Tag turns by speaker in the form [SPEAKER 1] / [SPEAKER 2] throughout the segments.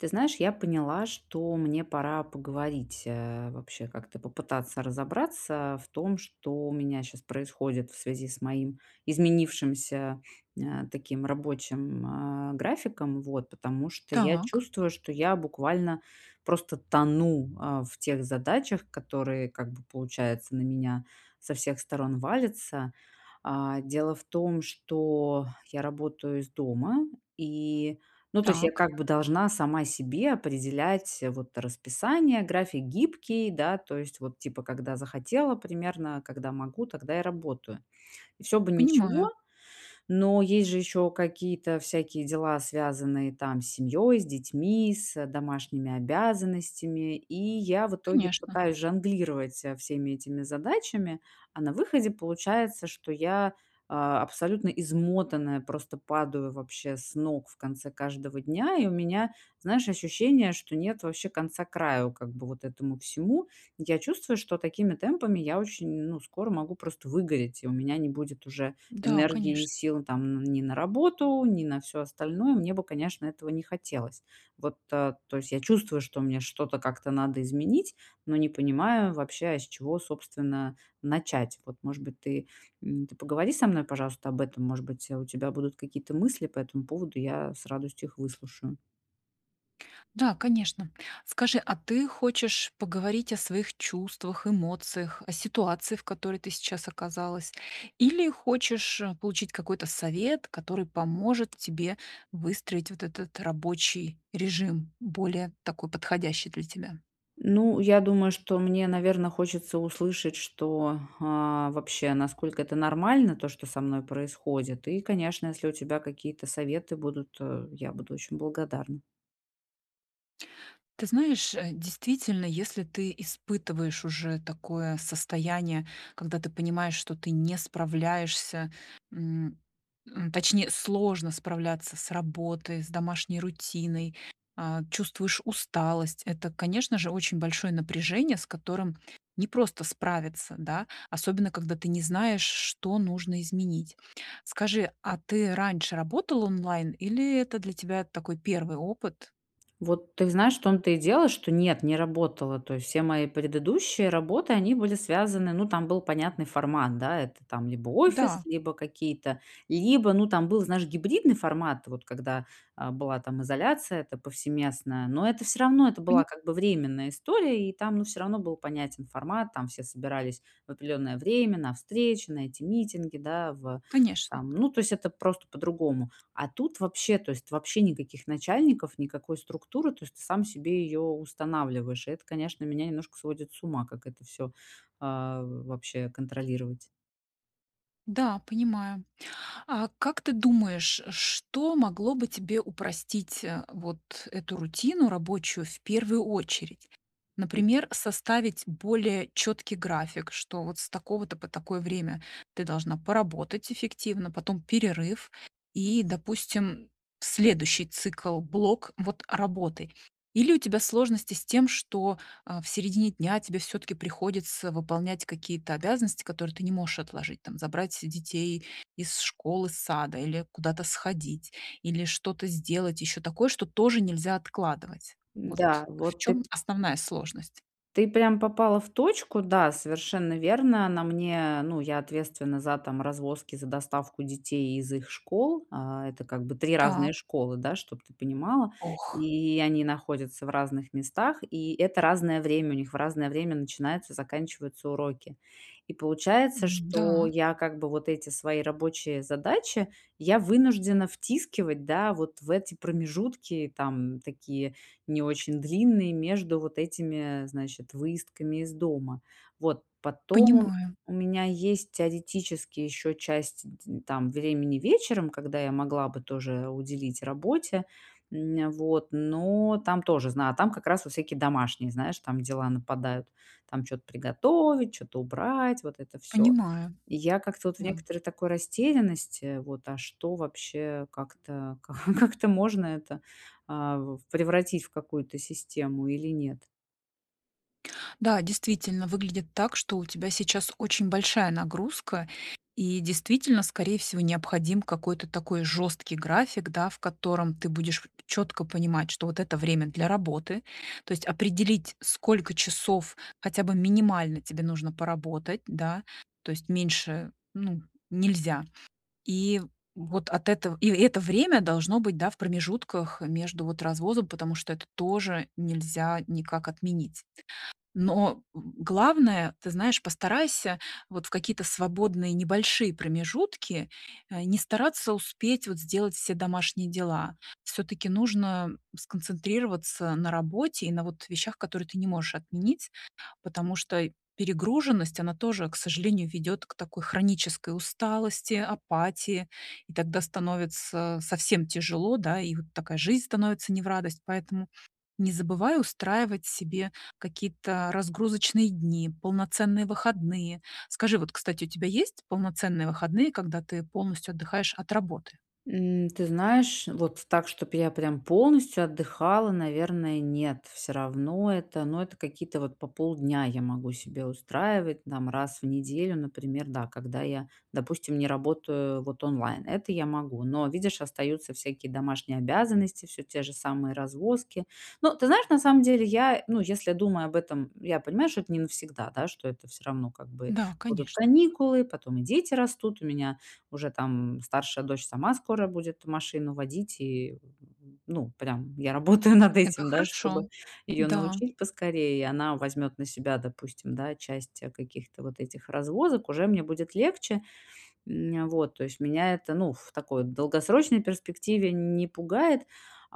[SPEAKER 1] Ты знаешь, я поняла, что мне пора поговорить, э, вообще, как-то попытаться разобраться в том, что у меня сейчас происходит в связи с моим изменившимся, э, таким рабочим, э, графиком, вот, потому что я
[SPEAKER 2] Так.
[SPEAKER 1] чувствую, что я буквально просто тону, э, в тех задачах, которые, как бы, получается, на меня со всех сторон валятся. А, дело в том, что я работаю из дома, и, ну, то есть я,
[SPEAKER 2] Так.
[SPEAKER 1] как бы, должна сама себе определять, вот, расписание. График гибкий, да, то есть вот, типа, когда захотела примерно, когда могу, тогда и работаю. И всё бы ничего,
[SPEAKER 2] Понимаю.
[SPEAKER 1] но есть же еще какие-то всякие дела, связанные, там, с семьёй, с детьми, с домашними обязанностями, и я в итоге
[SPEAKER 2] Конечно.
[SPEAKER 1] пытаюсь жонглировать со всеми этими задачами. А на выходе получается, что я, а, абсолютно измотанная, просто падаю вообще с ног в конце каждого дня, и у меня, знаешь, ощущение, что нет вообще конца-краю, как бы, вот этому всему. Я чувствую, что такими темпами я очень, ну, скоро могу просто выгореть, и у меня не будет уже
[SPEAKER 2] Да, конеч
[SPEAKER 1] энергии и сил, там, н ни на работу, ни на всё остальное. Мне бы, конечно, этого не хотелось. Вот, а, то есть, я чувствую, что мне что-то как-то надо изменить, но не понимаю вообще, а с чего, собственно, начать. Вот, может быть, ты, м, ты поговори со мной, пожалуйста, об этом, может быть, у тебя будут какие-то мысли по этому поводу, я с радостью их выслушаю.
[SPEAKER 2] Да, конечно. Скажи, а ты хочешь поговорить о своих чувствах, эмоциях, о ситуации, в которой ты сейчас оказалась? Или хочешь получить какой-то совет, который поможет тебе выстроить вот этот рабочий режим, более такой подходящий для тебя?
[SPEAKER 1] Ну, я думаю, что мне, наверное, хочется услышать, что, а, вообще, насколько это нормально, то, что со мной происходит, и, конечно, если у тебя какие-то советы будут, э, я буду очень благодарна.
[SPEAKER 2] Ты знаешь, э, действительно, если ты испытываешь уже такое состояние, когда ты понимаешь, что ты не справляешься, м, м, точнее, сложно справляться с работой, с домашней рутиной, а, чувствуешь усталость, это, конечно же, очень большое напряжение, с которым непросто справиться, да. Особенно когда ты не знаешь, что нужно изменить. Скажи, а ты раньше работал онлайн или это для тебя такой 1 опыт?
[SPEAKER 1] Вот ты знаешь, в том-то и дело, что нет, не работала. То есть все мои предыдущие работы, они были связаны, ну, там был понятный формат, да, это, там, либо офис,
[SPEAKER 2] Да.
[SPEAKER 1] либо какие-то, либо, ну, там был, знаешь, гибридный формат, вот, когда, а, была, там, изоляция эта повсеместная. Но это всё равно, это
[SPEAKER 2] Пони
[SPEAKER 1] была, как бы, временная история, и там, ну, всё равно был понятен формат, там все собирались в определённое время на встречи, на эти митинги, да, в
[SPEAKER 2] Конечно.
[SPEAKER 1] там, ну, то есть это просто по-другому. А тут вообще, то есть, вообще никаких начальников, никакой структуры, то есть ты сам себе её устанавливаешь. Это, конечно, меня немножко сводит с ума, как это всё, а, вообще контролировать.
[SPEAKER 2] Да, понимаю. А как ты думаешь, что могло бы тебе упростить, э, вот эту рутину рабочую в первую очередь? Например, составить более четкий график, что вот с такого-то по такое время ты должна поработать эффективно, потом перерыв и, допустим, следующий цикл, блок вот работы. Или у тебя сложности с тем, что, а, в середине дня тебе всё-таки приходится выполнять какие-то обязанности, которые ты не можешь отложить, там, забрать детей из школы, сада или куда-то сходить, или что-то сделать, ещё такое, что тоже нельзя откладывать. Вот
[SPEAKER 1] Да,
[SPEAKER 2] в
[SPEAKER 1] вот ты
[SPEAKER 2] чём основная сложность?
[SPEAKER 1] ты прям попала в точку, да, совершенно верно. На мне, ну, я ответственна за, там, развозки, за доставку детей из их школ. А это как бы 3 разные
[SPEAKER 2] Так.
[SPEAKER 1] школы, да, чтоб ты понимала.
[SPEAKER 2] Ох.
[SPEAKER 1] И они находятся в разных местах, и это разное время, у них в разное время начинаются, заканчиваются уроки. И получается, что
[SPEAKER 2] М-да.
[SPEAKER 1] я как бы вот эти свои рабочие задачи я вынуждена втискивать, да, вот в эти промежутки, там, такие не очень длинные между вот этими, значит, выездками из дома. Вот, потом
[SPEAKER 2] Понимаю.
[SPEAKER 1] у меня есть теоретически ещё часть ть ть там, времени вечером, когда я могла бы тоже уделить работе, м, вот, но там тоже, знаю, там как раз всякие домашние, знаешь, там дела нападают, там, чё-то приготовить, чё-то убрать, вот это всё.
[SPEAKER 2] Понимаю,
[SPEAKER 1] Я как-то вот в
[SPEAKER 2] да.
[SPEAKER 1] некоторой такой растерянности, вот, а что вообще, как-то, как-то можно это, а, в упревратить в какую-то систему или нет?
[SPEAKER 2] Да, действительно выглядит так, что у тебя сейчас очень большая нагрузка, и действительно, скорее всего, необходим какой-то такой жёсткий график, да, в котором ты будешь чётко понимать, что вот это время для работы. То есть определить, сколько часов хотя бы минимально тебе нужно поработать, да, то есть меньше, ну, нельзя. И вот от этого и это время должно быть, да, в промежутках между, вот, развозом, потому что это тоже нельзя никак отменить. Но главное, ты знаешь, постарайся, вот, в какие-то свободные небольшие промежутки, а, не стараться успеть, вот, сделать все домашние дела. Всё-таки нужно сконцентрироваться на работе и на, вот, вещах, которые ты не можешь отменить, потому что перегруженность, она тоже, к сожалению, ведёт к такой хронической усталости, апатии, и тогда становится совсем тяжело, да, и вот такая жизнь становится не в радость. Поэтому не забывай устраивать себе какие-то разгрузочные дни, полноценные выходные. Скажи, вот, кстати, у тебя есть полноценные выходные, когда ты полностью отдыхаешь от работы?
[SPEAKER 1] М, ты знаешь, вот так, чтоб я прям полностью отдыхала, наверное, нет. Всё равно это, ну, это какие-то, вот, по полдня я могу себе устраивать, там, раз в неделю, например, да, когда я, допустим, не работаю, вот, онлайн. Это я могу, но, видишь, остаются всякие домашние обязанности, всё те же самые развозки. Но ты знаешь, на самом деле я, ну, если думая об этом, я понимаю, что это не навсегда, да, что это всё равно как бы
[SPEAKER 2] Да,
[SPEAKER 1] будут
[SPEAKER 2] конечно.
[SPEAKER 1] каникулы, потом и дети растут. У меня уже, там, м, старшая дочь сама скоро будет машину водить, и, ну, прям, я работаю над
[SPEAKER 2] Это
[SPEAKER 1] этим, да,
[SPEAKER 2] хорошо.
[SPEAKER 1] чтобы её
[SPEAKER 2] Да.
[SPEAKER 1] научить поскорее, и она возьмёт на себя, допустим, да, часть каких-то вот этих развозок, уже мне будет легче. М, вот, то есть меня это, ну, в такой долгосрочной перспективе не пугает.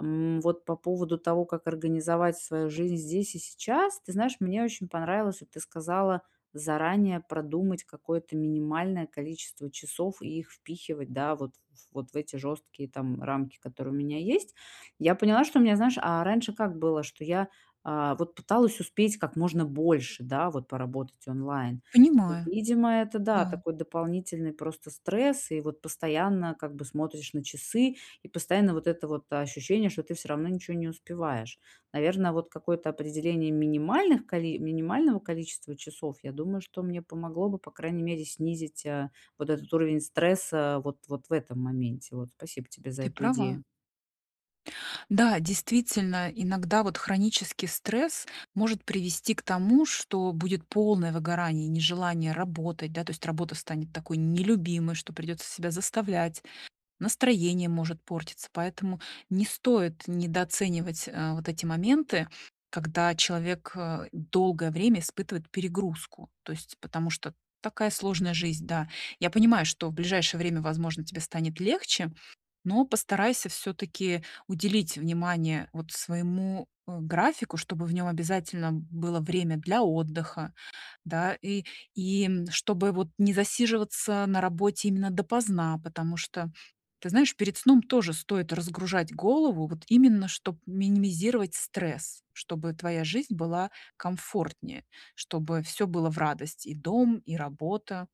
[SPEAKER 1] М, вот по поводу того, как организовать свою жизнь здесь и сейчас. Ты знаешь, мне очень понравилось, вот ты сказала, заранее продумать какое-то минимальное количество часов и их впихивать, да, вот, вот в эти жёсткие, там, рамки, которые у меня есть. Я поняла, что у меня, знаешь, а раньше как было? Что я, а вот, пыталась успеть как можно больше, да, вот, поработать онлайн. И
[SPEAKER 2] Понимаю.
[SPEAKER 1] видимо, это, да,
[SPEAKER 2] Да.
[SPEAKER 1] такой дополнительный просто стресс, и вот постоянно, как бы, смотришь на часы, и постоянно вот это вот ощущение, что ты всё равно ничего не успеваешь. Наверно, вот какое-то определение минимальных коли минимального количества часов, я думаю, что мне помогло бы, по крайней мере, снизить, э, вот этот уровень стресса, э, вот, вот в этом моменте. Вот, спасибо тебе за
[SPEAKER 2] Ты
[SPEAKER 1] эту
[SPEAKER 2] права.
[SPEAKER 1] идею.
[SPEAKER 2] Да, действительно, иногда вот хронический стресс может привести к тому, что будет полное выгорание, нежелание работать, да, то есть работа станет такой нелюбимой, что придётся себя заставлять, настроение может портиться, поэтому не стоит недооценивать, э, вот эти моменты, когда человек, э, долгое время испытывает перегрузку, то есть, потому что такая сложная жизнь, да. Я понимаю, что в ближайшее время, возможно, тебе станет легче, но постарайся всё-таки уделить внимание вот своему, э, графику, чтобы в нём обязательно было время для отдыха, да, и и чтобы вот не засиживаться на работе именно допоздна, потому что, ты знаешь, перед сном тоже стоит разгружать голову, вот именно чтоб минимизировать стресс, чтобы твоя жизнь была комфортнее, чтобы всё было в радость: и дом, и работа.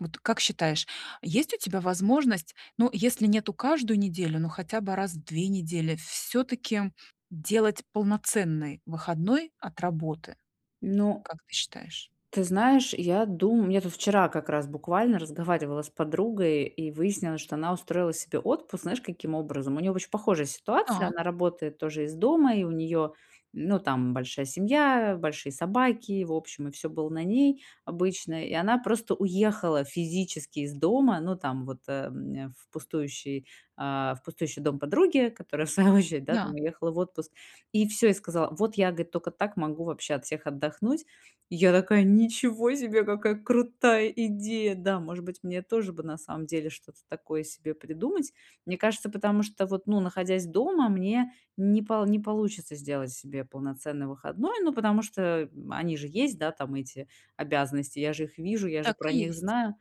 [SPEAKER 2] Вот как считаешь, есть у тебя возможность, ну, если нету каждую неделю, но хотя бы раз в 2 недели, всё-таки делать полноценный выходной от работы?
[SPEAKER 1] Ну
[SPEAKER 2] Как ты считаешь?
[SPEAKER 1] Ты знаешь, я думаю. Мне тут вчера как раз буквально разговаривала с подругой, и выяснилось, что она устроила себе отпуск, знаешь, каким образом? У неё очень похожая ситуация.
[SPEAKER 2] Так.
[SPEAKER 1] Она работает тоже из дома, и у неё, ну, там большая семья, большие собаки, в общем, и всё было на ней обычно. И она просто уехала физически из дома, ну, там, вот э, в пустующий, а, в пустующий дом подруги, которая, в свою очередь, да, там,
[SPEAKER 2] Да.
[SPEAKER 1] уехала в отпуск, и всё, и сказала: "Вот я,- говорит,- только так могу вообще от всех отдохнуть". И я такая: "Ничего себе, какая крутая идея". Да, может быть, мне тоже бы на самом деле что-то такое себе придумать. Мне кажется, потому что вот, ну, находясь дома, мне не полу не получится сделать себе полноценный выходной. Ну, потому что они же есть, да, там, эти обязанности, я же их вижу, я же
[SPEAKER 2] Так
[SPEAKER 1] про
[SPEAKER 2] и
[SPEAKER 1] них
[SPEAKER 2] есть.
[SPEAKER 1] знаю.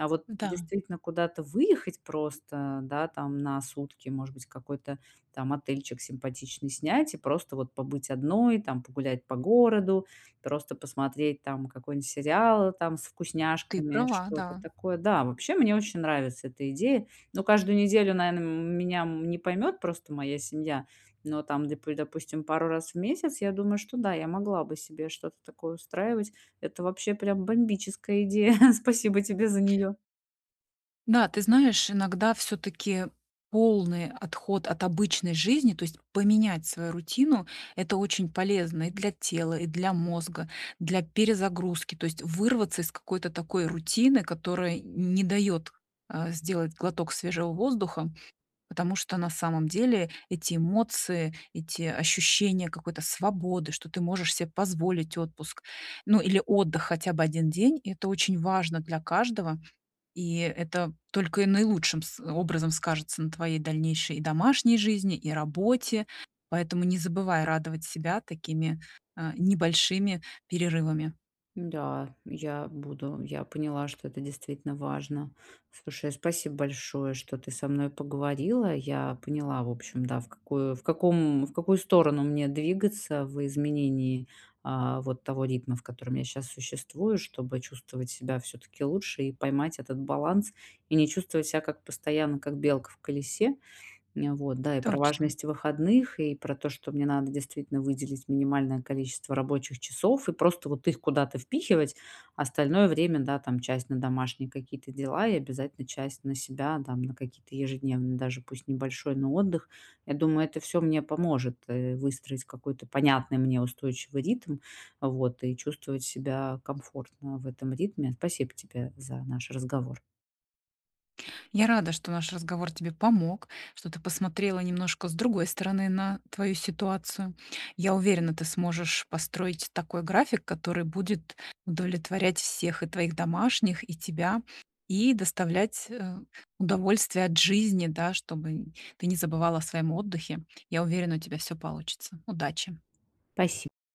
[SPEAKER 1] А вот
[SPEAKER 2] Да.
[SPEAKER 1] действительно куда-то выехать просто, да, там, на сутки, может быть, какой-то там отельчик симпатичный снять и просто вот побыть одной, там, погулять по городу, просто посмотреть, там, какой-нибудь сериал, там, с
[SPEAKER 2] Ты
[SPEAKER 1] вкусняшками,
[SPEAKER 2] права,
[SPEAKER 1] что-то
[SPEAKER 2] да.
[SPEAKER 1] такое. Да, вообще мне очень нравится эта идея. Но каждую неделю, наверно, меня не поймёт просто моя семья, но там допу допустим, пару раз в месяц я думаю, что да, я могла бы себе что-то такое устраивать. Это вообще прям бомбическая идея. Спасибо тебе за неё.
[SPEAKER 2] Да, ты знаешь, иногда всё-таки полный отход от обычной жизни, то есть поменять свою рутину- это очень полезно и для тела, и для мозга, для перезагрузки, то есть вырваться из какой-то такой рутины, которая не дает, э, сделать глоток свежего воздуха, потому что на самом деле эти эмоции, эти ощущения какой-то свободы, что ты можешь себе позволить отпуск, ну или отдых хотя бы 1 день- это очень важно для каждого, и это только и наилучшим с образом скажется на твоей дальнейшей и домашней жизни и работе. Поэтому не забывай радовать себя такими, э, небольшими перерывами.
[SPEAKER 1] Да, я буду. Я поняла, что это действительно важно. Слушай, а, спасибо большое, что ты со мной поговорила. Я поняла, в общем, да, в какую, в каком, в какую сторону мне двигаться в изменении, а, вот, того ритма, в котором я сейчас существую, чтобы чувствовать себя всё-таки лучше и поймать этот баланс, и не чувствовать себя как постоянно, как белка в колесе. Нь вот, да, и про
[SPEAKER 2] Точно.
[SPEAKER 1] важность выходных, и про то, что мне надо действительно выделить минимальное количество рабочих часов и просто вот их куда-то впихивать, остальное время, да, там, часть на домашние какие-то дела и обязательно часть на себя, там, на какие-то ежедневные даже пусть небольшой, но отдых. Я думаю, это всё мне поможет, э, выстроить какой-то понятный мне устойчивый ритм, вот, и чувствовать себя комфортно в этом ритме. Спасибо тебе за наш разговор.
[SPEAKER 2] Я рада, что наш разговор тебе помог, что ты посмотрела немножко с другой стороны на твою ситуацию. Я уверена, ты сможешь построить такой график, который будет удовлетворять всех: и твоих домашних, и тебя, и доставлять, э, удовольствие от жизни, да, чтобы ты не забывала о своем отдыхе. Я уверена, у тебя всё получится, удачи.
[SPEAKER 1] Паси